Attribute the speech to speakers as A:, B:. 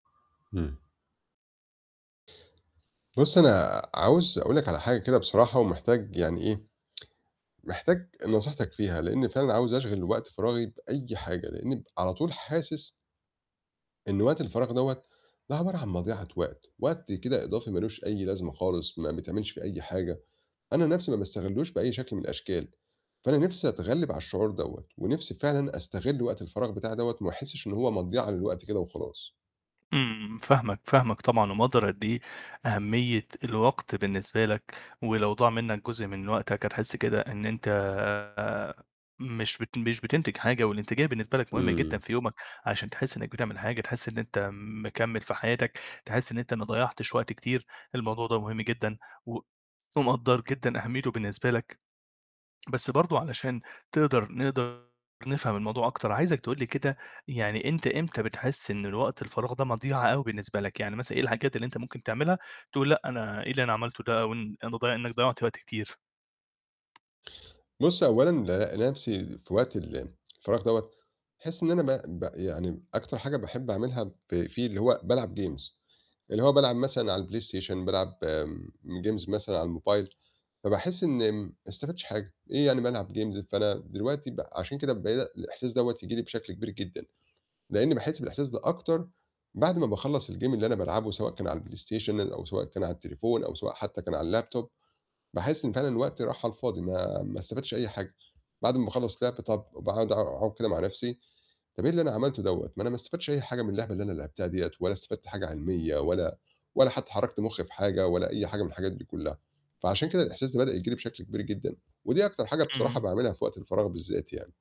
A: إمم. بُصّ، أنا عاوز أقُول لك على حاجة كده بصراحة ومحتاج يعني إيه، محتاج نصيحتك فيها لإني فعلًا عاوز أشغِل وقت فراغي بأي حاجة، لإني على طول حاسس إن وقت الفراغ دوّة ده عبارة عن مضيعة وقت، وقت كده إضافي ما لوش أي لازمة خالص ما بيتعملش فيه أي حاجة، أنا نَفْسي ما باستغلّوش بأي شكل من الأشكال، فأنا نِفسي أتغلّب على الشعور دوّة ونِفْسي فعلًا أستغل وقت الفراغ بتاعي دوّة وما أحسش إن هو مضيعة للوقت كده وخلاص.
B: إمم، فاهمك، فاهمك طبعًا ومقدّر قد إيه أهمية الوقت بالنسبة لك، ولو ضاع منّك جزء من وقتك هتحس كده إن أنت مش بت مش بتنتج حاجة، والانتجاية بالنسبة لك مهمة جدًا
A: إمم.
B: في يومك عشان تحس إنّك بتعمل حاجة تحس إن أنت مكمّل في حياتك، تحس إن أنت ما ضيّعتش وقت كتير، الموضوع ده مهم جدًا و ومقدّر جدًا أهميته بالنسبة لك، بس برضه علشان تقدر نقدر نفهم الموضوع أكتر، عايزك تقول لي كده، يعني أنت إمتى بتحس إن الوقت الفراغ ده مضيعة أوي بالنسبة لك؟ يعني مثلًا إيه الحاجات اللي أنت ممكن تعملها تقول لأ أنا إيه اللي أنا عملته ده أو ان أنت ض إنّك ضيّعت وقت كتير؟
A: بُص أولًا ألاقي نَفْسي في وقت الفراغ دوّه باحس إن أنا ب ب يعني أكتر حاجة باحب أعملها ف فيه اللي هو بالعب games، اللي هو بالعب مثلًا على الPlayStation، بالعب آمم games مثلًا على الموبايل، فباحس إن ما استفدتش حاجة، إيه يعني بالعب games! فأنا دلوقتي ب عشان كده بعيد الإحساس دوّة ييجي لي بشكل كبير جدًا، لإني باحس بالإحساس ده أكتر بعد ما باخلّص الgame اللي أنا بالعبه سواء كان على الPlayStation أو سواء كان على التليفون أو سواء حتّى كان على الLaptop، باحس إن فعلًا الوقت راح على الفاضي ما ما استفدتش أي حاجة، بعد ما أخلّص لِعب طَب وباقعد أقعد كده مع نَفْسي، طَب إيه اللي أنا عملته دوّة، ما أنا ما استفدتش أي حاجة من اللعبة اللي أنا لعبتها ديّة ولا استفدت حاجة علمية ولا ولا حتّى حرّكت مُخّي في حاجة ولا أي حاجة من الحاجات دي كلّها. فعشان كده الإحساس ده بدأ ييجي لي بشكل كبير جدًا، ودي أكتر حاجة بصراحة
B: إمم.
A: باعملها في وقت الفراغ بالذات يعني.